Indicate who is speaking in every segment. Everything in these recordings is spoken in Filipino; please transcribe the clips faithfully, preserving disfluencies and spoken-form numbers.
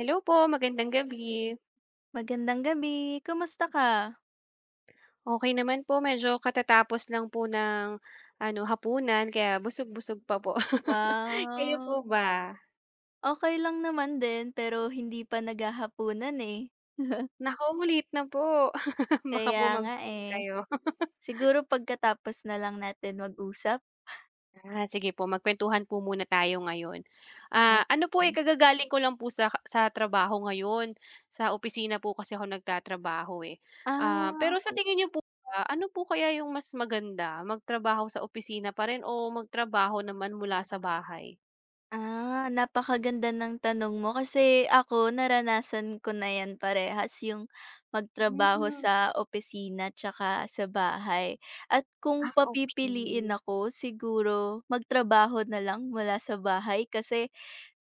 Speaker 1: Hello po, magandang gabi.
Speaker 2: Magandang gabi. Kamusta ka?
Speaker 1: Okey naman po, medyo katatapos lang po ng ano, hapunan kaya busog-busog pa po. Kayo
Speaker 2: Wow.
Speaker 1: po ba?
Speaker 2: Okey lang naman din, pero hindi pa naghahapunan eh.
Speaker 1: Naku, late na po. Baka po
Speaker 2: Kaya nga
Speaker 1: magutom
Speaker 2: eh.
Speaker 1: kayo.
Speaker 2: Siguro pagkatapos nalang natin mag-usap?
Speaker 1: Ah, sige po magkuwentuhan po muna tayo ngayon. Ah, ano po, eh,
Speaker 2: [unintelligible]
Speaker 1: kagagaling ko lang po sa sa trabaho ngayon, sa opisina po kasi ako nagtatrabaho, eh. Ah,
Speaker 2: Ah,
Speaker 1: pero sa
Speaker 2: okey.
Speaker 1: tingin n'yo po ba, ano po kaya 'yong mas maganda, magtrabaho sa opisina pa rin o magtrabaho naman mula sa bahay?
Speaker 2: Ah, napakaganda ng tanong mo, kasi ako naranasan ko na yan parehas yung, magtrabaho
Speaker 1: Hmm.
Speaker 2: sa opisina at saka sa bahay. At kung
Speaker 1: Ah,
Speaker 2: papipiliin
Speaker 1: okey.
Speaker 2: ako, siguro magtrabaho na lang mula sa bahay kasi,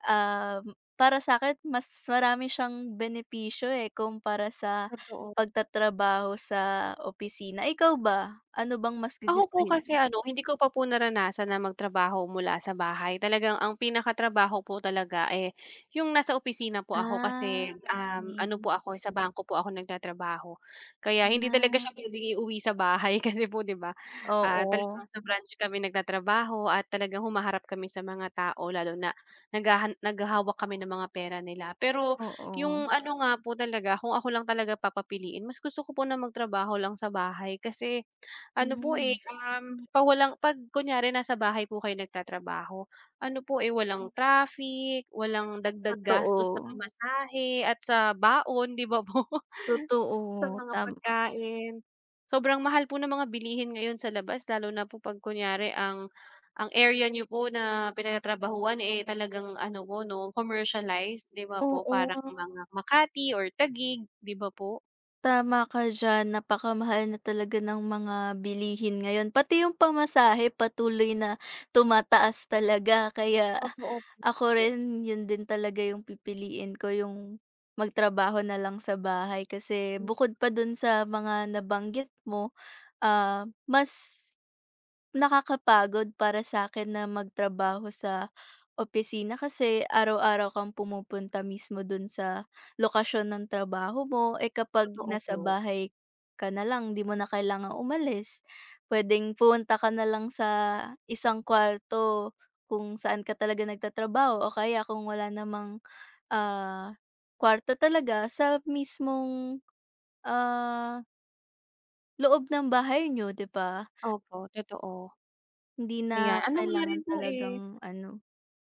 Speaker 2: um, para sakin mas marami siyang benepisyo eh, kumpara sa
Speaker 1: Totoo.
Speaker 2: pagtatrabaho sa opisina. Ikaw ba, ano bang mas
Speaker 1: Ako po
Speaker 2: gugustuhin
Speaker 1: kasi
Speaker 2: mo?
Speaker 1: ano, hindi ko pa po naranasan na magtrabaho mula sa bahay, talagang ang pinakatrabaho po talaga, eh, 'yong nasa opisina po ako. Kasi,
Speaker 2: Ah,
Speaker 1: um, ano
Speaker 2: -okey.
Speaker 1: po ako, eh, sa bangko po ako nagtatrabaho. Kaya hindi talaga
Speaker 2: Ah.
Speaker 1: siya puwedeng iuwi sa bahay. Kasi po 'di ba, ah,
Speaker 2: Oo.
Speaker 1: talagang sa branch kami nagtatrabaho at talagang humaharap kami sa mga tao, lalo na naghahan naghahawak kami ng mga pera nila. Pero,
Speaker 2: Oo.
Speaker 1: 'yong ano nga po talaga, kung ako lang talaga papapiliin, mas gusto ko po ng magtrabaho lang sa bahay kasi, ano po, eh,
Speaker 2: Mhm.
Speaker 1: um, pa walang pag kunyari nasa bahay po kayo nagtatrabaho ano po, eh, walang
Speaker 2: Mm.
Speaker 1: traffic, walang dagdag gastos sa
Speaker 2: Totoo.
Speaker 1: pamasahe, at sa baon di ba po? Sa
Speaker 2: Totoo,
Speaker 1: mga
Speaker 2: tama.
Speaker 1: pagkain. Sobrang mahal po ng mga bilihin ngayon sa labas lalo na po 'pag kunyari ang ang area n'yo po na pinagtatrabahuhan eh, talagang ano po 'no, commercialized, 'di ba po parang
Speaker 2: Oo.
Speaker 1: mga Makati or Taguig, 'di ba po?
Speaker 2: Tama ka diyan. Napakamahal na talaga ng mga bilihin ngayon, pati 'yong pamasahe, patuloy na tumataas talaga. Kaya,
Speaker 1: Totoo
Speaker 2: ako
Speaker 1: [unintelligible]
Speaker 2: rin 'yon din talaga 'yong pipiliin ko, 'yong magtrabaho na lang sa bahay, kasi
Speaker 1: Hmm.
Speaker 2: bukod pa do'n sa mga nabanggit mo, ah, mas nakakapagod para sa'kin na magtrabaho sa opisina. Kasi araw-araw kang pumupunta mismo do'n sa lokasyon ng trabaho mo. Eh, kapag
Speaker 1: Totoo
Speaker 2: nasa
Speaker 1: po.
Speaker 2: bahay ka na lang 'di mo na kailangang umalis. Puwedeng pumunta ka nalang sa isang kuwarto kung saan ka talaga nagtatrabaho o kaya kung wala namang, ah, kwarto talaga, sa mismong, ah loob ng bahay niyo, 'di ba?
Speaker 1: Opo, totoo.
Speaker 2: Hindi
Speaker 1: Ayan,
Speaker 2: na
Speaker 1: ano nga
Speaker 2: kailangan
Speaker 1: rin po, eh
Speaker 2: talagang, ano.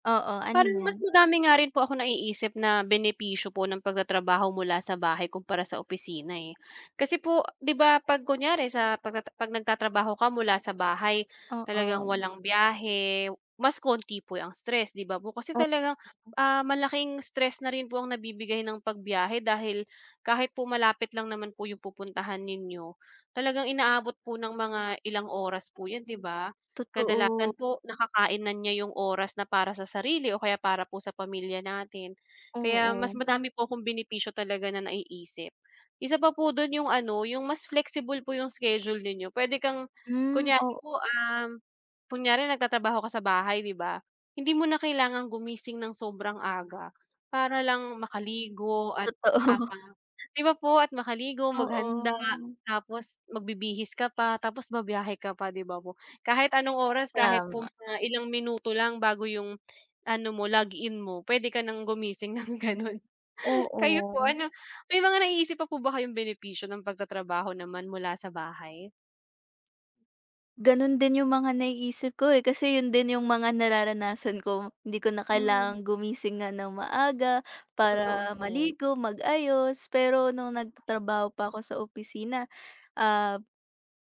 Speaker 2: Oo, ano
Speaker 1: Parang mas
Speaker 2: 'yan?
Speaker 1: madami nga rin po akong naiisip na benepisyo po ng pagtatrabaho mula sa bahay kumpara sa opisina, eh. Kasi po, 'di ba 'pag kunwari sa pagtata 'pag nagtatrabaho ka mula sa bahay, talagang
Speaker 2: Oo.
Speaker 1: walang biyahe, mas kaunti po ang stress, 'di ba po. Kasi
Speaker 2: O
Speaker 1: talagang, ah, malaking stress na rin po ang nabibigay ng pagbiyahe dahil, kahit po malapit lang naman po 'yong pupuntahan ninyo, talagang inaabot po ng mga ilang oras po 'yan, 'di ba?
Speaker 2: Totoo.
Speaker 1: Kadalasan po nakakain na niya 'yong oras na para sa sarili o kaya para po sa pamilya natin. Kaya mas
Speaker 2: Oo.
Speaker 1: madami po akong benepisyo talaga na naiisip. Isa pa po do'n 'yong ano, 'yong mas flexible po 'yong schedule ninyo. Puwede kang
Speaker 2: Hmm,
Speaker 1: kunwari
Speaker 2: o
Speaker 1: po, um, kunwari nagtatrabaho ka sa bahay, 'di ba, hindi mo na kailangang gumising ng sobrang aga, para lang makaligo at apa
Speaker 2: Totoo.
Speaker 1: 'di ba po at makaligo, maghanda,
Speaker 2: Oo.
Speaker 1: tapos magbibihis ka pa, tapos bibiyahe ka pa, 'di ba po? Kahit anong oras, kahit po
Speaker 2: Tama.
Speaker 1: mga ilang minuto lang bago 'yong ano mo, log-in mo, puwede ka nang gumising ng gano'n. Kayo po
Speaker 2: Oo.
Speaker 1: ano may mga naiisip pa po ba kayong benepisyo ng pagtatrabaho naman mula sa bahay?
Speaker 2: Gano'n din 'yong mga nai-isip ko, eh. Kasi 'yon din 'yong mga nararanasan ko. Hindi ko na
Speaker 1: Mm.
Speaker 2: kailangang gumising nga ng maaga para
Speaker 1: Totoo po.
Speaker 2: maligo, mag-ayos. Pero no'ng nag-tatrabaho pa ako sa opisina, ah,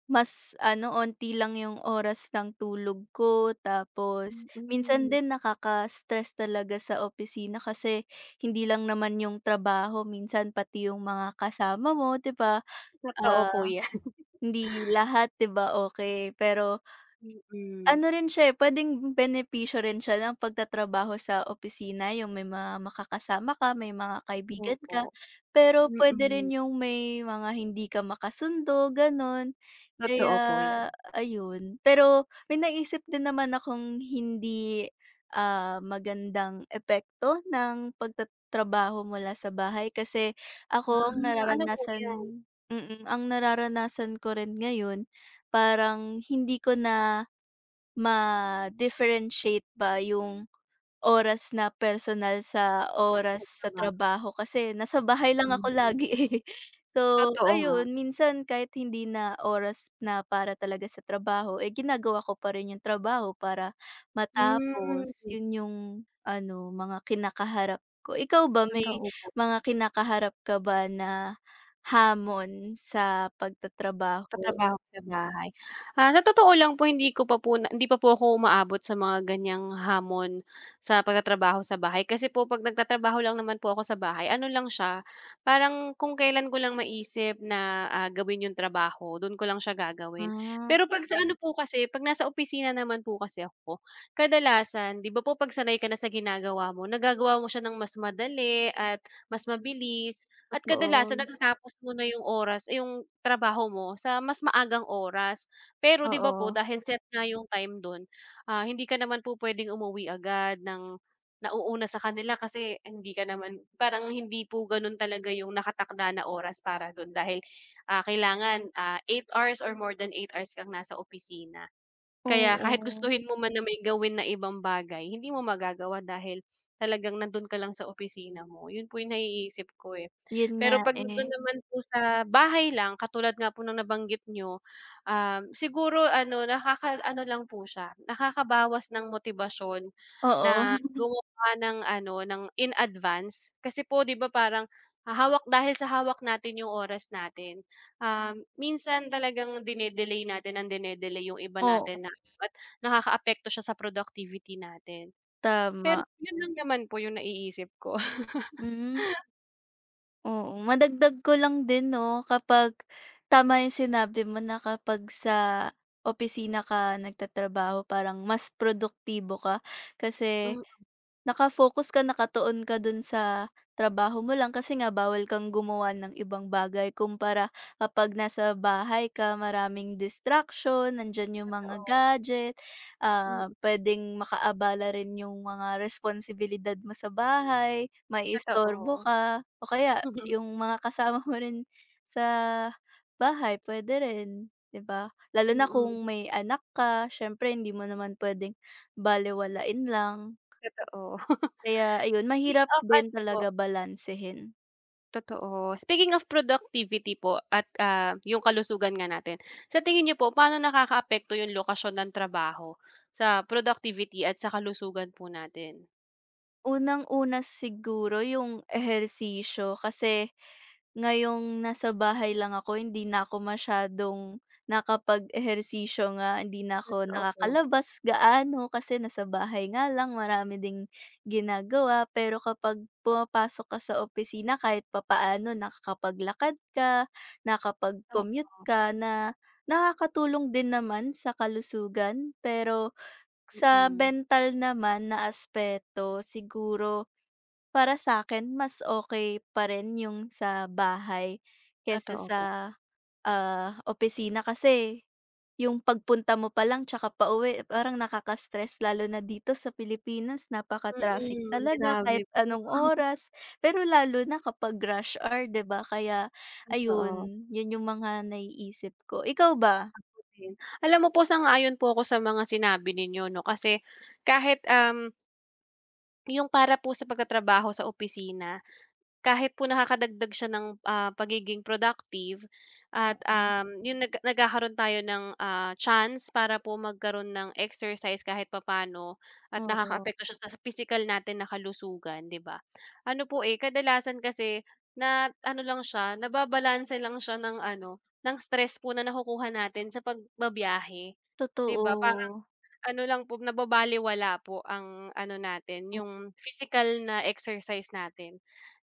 Speaker 2: mas, ano, onti lang 'yong oras ng tulog ko. Tapos minsan
Speaker 1: Mm.
Speaker 2: din nakaka-stress talaga sa opisina kasi, hindi lang naman 'yong trabaho, minsan pati 'yong mga kasama mo, 'di ba,
Speaker 1: Totoo po
Speaker 2: ah,
Speaker 1: 'yan.
Speaker 2: hindi lahat, 'di ba, okey. Pero
Speaker 1: Mm.
Speaker 2: ...ano rin siya, eh, puwedeng benepisyo rin siya ng pagtatrabaho sa opisina, 'yong may mga maka-kasama ka, may mga kaibigan ka.
Speaker 1: Opo.
Speaker 2: Pero puwede rin
Speaker 1: Mm.
Speaker 2: 'yong may mga hindi ka maka-sundo, gano'n.
Speaker 1: Totoo
Speaker 2: Kaya,
Speaker 1: po 'yan.
Speaker 2: ayun. Pero, may naisip din naman akong hindi, ah, magandang epekto ng pag-tatrabaho mula sa bahay. Kasi ako ang
Speaker 1: Ah, ano po
Speaker 2: nararanasan
Speaker 1: 'yon?
Speaker 2: mm, ang nara-ranasan ko rin ngayon parang hindi ko na ma-differentiate ba 'yong oras na personal, sa oras sa trabaho.
Speaker 1: [unintelligible]
Speaker 2: Kasi nasa bahay lang ako
Speaker 1: [unintelligible]
Speaker 2: lagi, eh. So
Speaker 1: Totoo nga.
Speaker 2: ayun, minsan kahit hindi na oras na para talaga sa trabaho, eh, ginagawa ko pa rin 'yong trabaho para matapos.
Speaker 1: Hmm.
Speaker 2: 'Yon 'yong ano, mga kina-kaharap ko. Ikaw ba may
Speaker 1: Totoo po.
Speaker 2: mga kina-kaharap ka ba na hamon sa
Speaker 1: Sa
Speaker 2: pag-tatrabaho?
Speaker 1: trabaho sa bahay. Ah, sa totoo lang po hindi ko pa po na hindi pa po ako uma-abot sa mga ganiyang hamon sa pag-tatrabaho sa bahay. Kasi po 'pag nag-tatrabaho lang naman po ako sa bahay, ano lang siya, parang kung kailan ko lang ma-isip na, ah, gawin 'yong trabaho do'n ko lang siya gagawin.
Speaker 2: Ah.
Speaker 1: Pero 'pag sa ano po kasi, 'pag nasa opisina naman po kasi ako, ka-dalasan 'di ba po 'pag-sanay ka na sa ginagawa mo, nagagawa mo siya ng mas madali at mas mabilis. At kadalasan
Speaker 2: Totoo.
Speaker 1: natatapos mo na 'yong oras 'yong trabaho mo sa mas maagang oras. Pero 'di ba po
Speaker 2: Oo.
Speaker 1: dahil set nga 'yong time do'n, ah, hindi ka naman po pwedeng umuwi agad ng nau-una sa kanila, kasi hindi ka naman parang hindi po gano'n talaga 'yong naka-takda na oras para do'n dahil, ah, kailangan, ah, eight hours or more than eight hours kang nasa opisina. Kaya kahit
Speaker 2: Oo.
Speaker 1: gustuhin mo man na may gawin na ibang bagay, hindi mo magagawa dahil, talagang nandoon ka lang sa opisina mo, 'yon po 'yong nai-isip ko, eh.
Speaker 2: 'Yon nga,
Speaker 1: Pero 'pag nando'n
Speaker 2: eh.
Speaker 1: naman po sa bahay lang, katulad nga po ng nabanggit n'yo, um, siguro ano nakaka-ano lang po siya, nakakabawas ng motibasyon
Speaker 2: Oo.
Speaker 1: na gumawa ng ano ng in advance. Kasi po 'di ba parang hahawak dahil sa hawak natin 'yong oras natin, um, minsan talagang dine-delay natin nang dine-delay 'yong iba
Speaker 2: Oo.
Speaker 1: natin na [unintelligible] Nakaka-apekto siya sa productivity natin. Pero
Speaker 2: Tama.
Speaker 1: 'yon lang naman po 'yong naiisip ko.
Speaker 2: Hmm. Oo. Madagdag ko lang din, 'no, kapag tama 'yong sinabi mo na kapag sa opisina ka nag-tatrabaho parang mas produktibo ka, kasi
Speaker 1: Mm.
Speaker 2: naka-focus ka, naka-tuon ka do'n sa trabaho mo lang, kasi nga bawal kang gumawa ng ibang bagay. Kumpara kapag nasa bahay ka, maraming distraction. Nandiyan 'yong mga
Speaker 1: Totoo.
Speaker 2: gadget, ah,
Speaker 1: Mm.
Speaker 2: pwedeng maka-abala rin 'yong mga responsibilidad mo sa bahay, mai-istorbo
Speaker 1: Totoo.
Speaker 2: ka o kaya 'yong mga kasama mo rin sa bahay, pwede rin, 'di ba? Lalo na
Speaker 1: Mm.
Speaker 2: kung may anak ka, siyempre hindi mo naman pwedeng balewalain lang.
Speaker 1: Totoo.
Speaker 2: Kaya ayun,
Speaker 1: [unintelligible] Ki-keep
Speaker 2: mahirap
Speaker 1: up,
Speaker 2: din
Speaker 1: ano po?
Speaker 2: talaga balansehin.
Speaker 1: Totoo. Speaking of productivity po at, ah, 'yong kalusugan nga natin, sa tingin niyo po, paano nakakaapekto 'yong lokasyon ng trabaho, sa productivity at sa kalusugan po natin?
Speaker 2: Unang-una siguro 'yong ehersisyo, kasi, ngayong nasa bahay lang ako hindi na ako masyadong, nakapag-ehersisyo nga, hindi na ako
Speaker 1: Totoo po.
Speaker 2: nakakalabas gaano kasi nasa bahay nga lang, marami ding, ginagawa. Pero kapag pumapasok ka sa opisina kahit papaano nakakapaglakad ka, nakapag-commute
Speaker 1: Opo.
Speaker 2: ka na, nakakatulong din naman sa kalusugan. Pero, sa
Speaker 1: Mm.
Speaker 2: mental naman na aspeto, siguro, para sa'kin, mas okey pa rin 'yong sa bahay, kaysa
Speaker 1: Totoo
Speaker 2: sa,
Speaker 1: po.
Speaker 2: ah, opisina. Kasi, 'yong pagpunta mo pa lang 'tsaka pauwi parang nakaka-stress, lalo na dito sa Pilipinas napaka-traffic
Speaker 1: Mm.
Speaker 2: talaga
Speaker 1: Grabe
Speaker 2: kahit
Speaker 1: po,
Speaker 2: anong
Speaker 1: 'no?
Speaker 2: oras, pero lalo na kapag rush hour, 'di ba? Kaya
Speaker 1: Totoo.
Speaker 2: ayun, 'yon 'yong mga naiisip ko. Ikaw ba?
Speaker 1: Ako din. Alam mo po sang-ayon po ako sa mga sinabi ninyo, 'no, kasi, kahit, um 'Yong para po sa pagtatrabaho sa opisina. Kahit po nakakadagdag siya ng, ah, pagiging productive at,
Speaker 2: Oo.
Speaker 1: um, 'yong nag nagkakaroon tayo ng, ah, chance para po magkaroon ng exercise kahit papano at
Speaker 2: Oo.
Speaker 1: nakakaapekto siya sa pisikal natin na kalusugan, 'di ba? Ano po, eh, kadalasan kasi, na ano lang siya, nababalanse lang siya ng ano, ng stress po na nakukuha natin sa pagbabiyahe, 'di ba? Parang,
Speaker 2: Totoo.
Speaker 1: ano lang po, nababalewala po ang ano natin,
Speaker 2: O
Speaker 1: 'yong physical na exercise natin.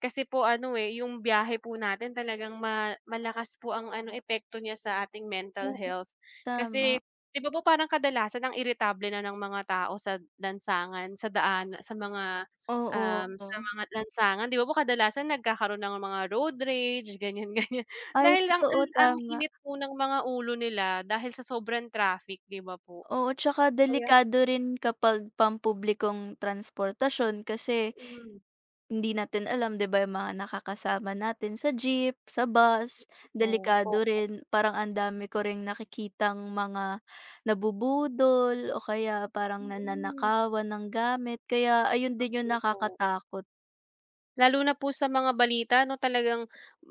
Speaker 1: Kasi po ano, eh, 'yong biyahe po natin talagang ma malakas po ang ano, epekto niya sa ating mental
Speaker 2: Oo,
Speaker 1: health. Kasi,
Speaker 2: tama.
Speaker 1: 'di ba? Po parang kadalasan ang iritable na ng mga tao sad lansangangan sa daan, sa mga,
Speaker 2: Oo,
Speaker 1: um, sa
Speaker 2: oh.
Speaker 1: mga lansangangan. 'Di ba? Po kadalasan nagkakaroon ng mga road rage ganiyan-ganiyan
Speaker 2: Ay
Speaker 1: dahil ang
Speaker 2: totoo,
Speaker 1: ang
Speaker 2: tama.
Speaker 1: init po ng mga ulo nila dahil sa sobrang traffic, 'di ba po?
Speaker 2: Oo, 'tsaka
Speaker 1: Oh, yan
Speaker 2: delikado rin kapag pampublikong transportasyon kasi,
Speaker 1: Mm.
Speaker 2: hindi natin alam, 'di ba, 'yong mga nakakasama natin sa jeep, sa bus, delikado
Speaker 1: [unintelligible]
Speaker 2: rin. Parang ang dami ko ring nakikitang mga, nabubudol o kaya parang
Speaker 1: Mm.
Speaker 2: nananakawan ng gamit. Kaya, ayun
Speaker 1: Nak
Speaker 2: din 'yong
Speaker 1: din po.
Speaker 2: nakakatakot.
Speaker 1: Lalo na po sa mga balita na talagang,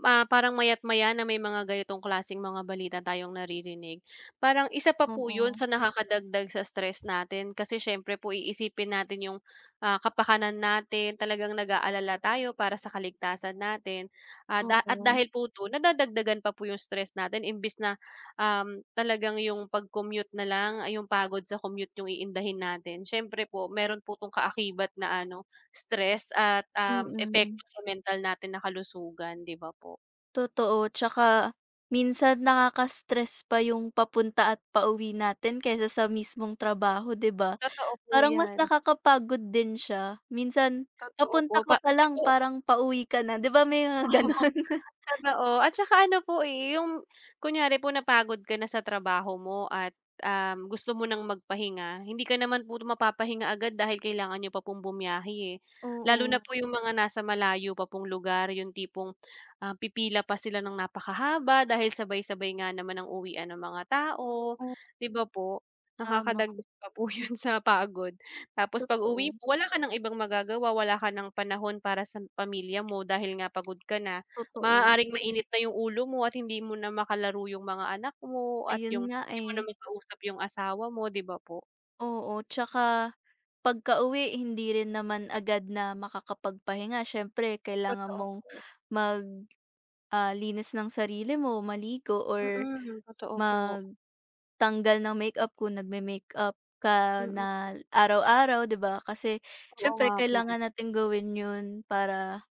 Speaker 1: ah, parang maya't-maya na may mga ganitong klaseng mga balita tayong naririnig parang, isa pa po yun
Speaker 2: Oo.
Speaker 1: sa nakaka-dagdag sa stress natin, kasi syempre po i-isipin natin yung, ah, ka-pakanan natin talagang nag-aalala tayo para sa ka-ligtasan natin, ah, da at
Speaker 2: Oo.
Speaker 1: dahil po do'n nada-dagdagan pa po yung stress natin imbis na, um, talagang yung pag-commute na lang, ay yung pagod sa commute yung iindahin natin siyempre po meron po 'tong kaakibat na, ano, stress at, um,
Speaker 2: Mm.
Speaker 1: epekto sa mental natin na kalusugan, 'di ba, po.
Speaker 2: Totoo, 'tsaka minsan nakaka-stress pa yung papunta at pauwi natin kaysa sa mismong trabaho, 'di ba,
Speaker 1: Totoo po,
Speaker 2: parang mas
Speaker 1: 'yan.
Speaker 2: naka-kapagod din siya, minsan
Speaker 1: Totoo
Speaker 2: papunta
Speaker 1: po,
Speaker 2: ka
Speaker 1: pa kasi
Speaker 2: palang
Speaker 1: po
Speaker 2: parang pauwi ka na, 'di ba, may mga
Speaker 1: Oo,
Speaker 2: gano'n.
Speaker 1: totoo at saka ano po, eh, yung kunyari po napagod ka na sa trabaho mo at, um, gusto mo ng mag-pahinga hindi ka naman po mapa-pahinga agad dahil kailangan niyo pa pong bumiyahe, eh. Lalo na
Speaker 2: Oo.
Speaker 1: po yung mga nasa malayo pa pong lugar yung tipong, ah, pipila pa sila ng napa-kahaba dahil sabay-sabay nga naman ang uwian ng mga tao,
Speaker 2: O
Speaker 1: 'di ba, po.
Speaker 2: Tama.
Speaker 1: Naka-kadagdag pa po yun sa pagod, tapos pag-uwi
Speaker 2: Totoo.
Speaker 1: mo, wala ka ng ibang magagawa, wala ka ng panahon para sa pamilya mo dahil nga pagod ka na.
Speaker 2: Totoo.
Speaker 1: Maaaring mainit na yung ulo mo at hindi mo na maka-laro yung mga anak mo at
Speaker 2: Ayun
Speaker 1: yung
Speaker 2: nga,
Speaker 1: hindi mo na
Speaker 2: eh.
Speaker 1: maka-usap yung asawa mo, 'di ba, po.
Speaker 2: Oo, 'tsaka, pagka-uwi hindi rin naman agad na makaka-pagpahinga. Siyempre, kailangan
Speaker 1: Totoo
Speaker 2: mong,
Speaker 1: po.
Speaker 2: mag ah, linis ng sarili mo, maligo or,
Speaker 1: Mm, totoo po.
Speaker 2: magtanggal ng makeup, kung nagme-makeup ka
Speaker 1: Mm.
Speaker 2: na araw-araw, 'di ba. Kasi,
Speaker 1: Oo
Speaker 2: siyempre
Speaker 1: nga po,
Speaker 2: kailangan
Speaker 1: eh.
Speaker 2: nating gawin 'yon, para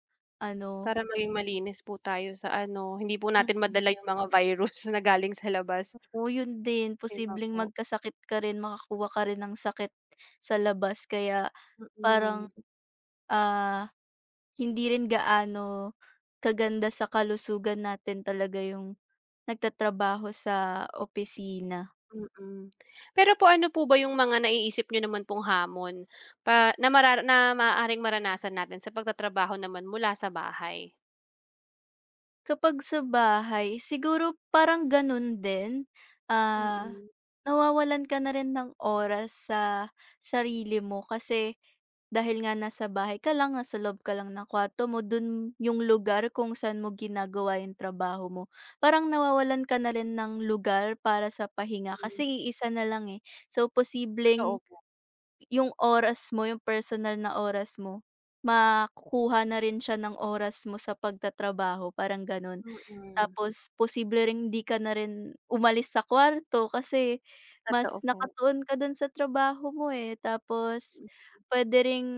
Speaker 2: ano
Speaker 1: Para maging malinis po tayo sa ano, hindi po natin
Speaker 2: Mm.
Speaker 1: madala 'yong mga virus na galing sa labas.
Speaker 2: Oo, 'yon din.
Speaker 1: 'Di ba,
Speaker 2: Posibleng
Speaker 1: po?
Speaker 2: mag-kasakit ka rin, maka-kuha ka rin ng sakit, sa labas. Kaya,
Speaker 1: Mm.
Speaker 2: parang, ah, hindi rin gaano, ka-ganda sa kalusugan natin talaga 'yong, nag-tatrabaho sa opisina.
Speaker 1: Mm. Pero po, ano po ba 'yong mga naiisip niyo naman pong hamon, pa na marar na maaaring maranasan natin sa pagtatrabaho naman mula sa bahay?
Speaker 2: Kapag sa bahay, siguro, parang gano'n din. Ah,
Speaker 1: Mm.
Speaker 2: na-wawalan ka na rin ng oras sa, sarili mo kasi, dahil nga nasa bahay ka lang, nasa loob ka lang ng kwarto mo, do'n 'yong lugar kung san mo ginagawa 'yong trabaho mo. Parang nawawalan ka na rin ng lugar para sa pahinga
Speaker 1: Mm.
Speaker 2: kasi i-isa na lang, eh. So,
Speaker 1: Totoo
Speaker 2: posibleng,
Speaker 1: po.
Speaker 2: 'yong oras mo, 'yong personal na oras mo, maku-kuha na rin siya ng oras mo sa pag-tatrabaho, parang gano'n.
Speaker 1: Mm.
Speaker 2: Tapos, posible ring 'di ka na rin, umalis sa kwarto kasi,
Speaker 1: Totoo
Speaker 2: mas
Speaker 1: po.
Speaker 2: naka-tuon ka do'n sa trabaho mo, eh. Tapos,
Speaker 1: Mm.
Speaker 2: puwede ring,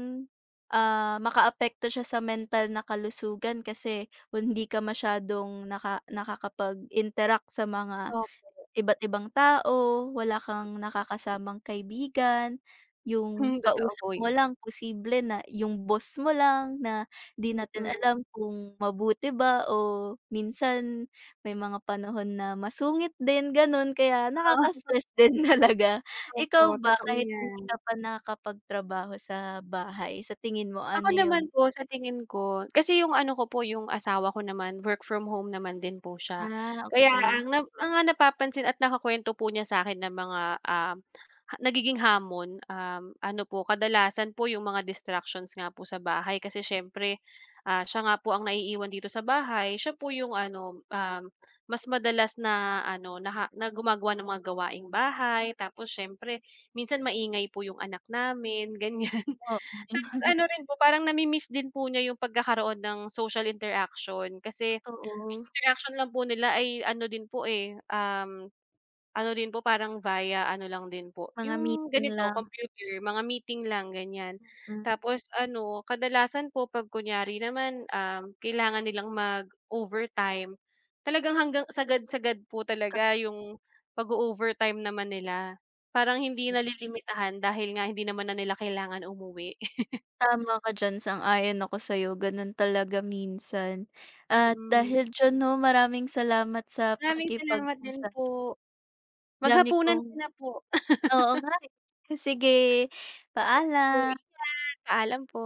Speaker 2: ah, maka-apekto siya sa mental na kalusugan kasi, kung hindi ka masyadong naka nakakapag-interact sa mga,
Speaker 1: Opo.
Speaker 2: iba't ibang tao, wala kang
Speaker 1: [unintelligible]
Speaker 2: naka-kasamang kaibigan, 'yong
Speaker 1: Hmm, totoo
Speaker 2: kausap
Speaker 1: po'
Speaker 2: mo
Speaker 1: ya
Speaker 2: lang, posible na 'yong boss mo lang, na 'di natin
Speaker 1: Mm.
Speaker 2: alam kung mabuti ba o minsan may mga panahon na masungit din, gano'n. Kaya,
Speaker 1: Ah.
Speaker 2: nakaka-stress din talaga.
Speaker 1: Opo,
Speaker 2: Ikaw ba,
Speaker 1: totoo
Speaker 2: kahit
Speaker 1: 'yan.
Speaker 2: hindi ka pa nakaka-pagtrabaho sa bahay, sa tingin mo,
Speaker 1: Ako
Speaker 2: ano
Speaker 1: naman
Speaker 2: 'yong
Speaker 1: po, sa tingin ko, kasi 'yong ano ko po, 'yong asawa ko naman work from home naman din po siya.
Speaker 2: Ah,
Speaker 1: Kaya,
Speaker 2: okay.
Speaker 1: ang nap ang napapansin at nakukuwento po niya sa akin ng mga, um, nagiging hamon, um, ano po, kadalasan po 'yong mga distractions nga po sa bahay. Kasi siyempre, ah, siya nga po ang naiiwan dito sa bahay, siya po 'yong ano, um, mas madalas na ano naha na gumagawa ng mga gawaing-bahay. Tapos siyempre, minsan maingay po 'yong anak namin, ganiyan.
Speaker 2: Oo.
Speaker 1: Tapos ano rin po, parang nami-miss din po niya 'yong pagkakaroon ng social interaction, kasi, ang
Speaker 2: Totoo.
Speaker 1: interaction lang po nila ay ano din po, eh, um, ano din po parang via ano lang din po,
Speaker 2: Mga
Speaker 1: 'yong
Speaker 2: meeting
Speaker 1: ganito,
Speaker 2: lang.
Speaker 1: computer, mga meeting lang, ganiyan.
Speaker 2: Mm.
Speaker 1: Tapos ano, kadalasan po 'pag kunwari naman, um, kailangan nilang mag-overtime, talagang hanggang sagad-sagad po
Speaker 2: Kab
Speaker 1: talaga 'yong, pag-o-overtime naman nila. Parang
Speaker 2: [unintelligible]
Speaker 1: hindi
Speaker 2: Mm.
Speaker 1: nalilimitahan dahil nga hindi naman na nila kailangan umuwi.
Speaker 2: Tama ka diyan, sang-ayon ako sa'yo, gano'n talaga minsan. At
Speaker 1: Mm.
Speaker 2: dahil diyan, 'no, maraming salamat sa
Speaker 1: Maraming salamat din
Speaker 2: pakikipag-usap.
Speaker 1: po.
Speaker 2: Dami
Speaker 1: Maghapunan
Speaker 2: kong
Speaker 1: ka na po.
Speaker 2: oo nga, eh. Sige,
Speaker 1: Sige po,
Speaker 2: paalam.
Speaker 1: ingat. Paalam po.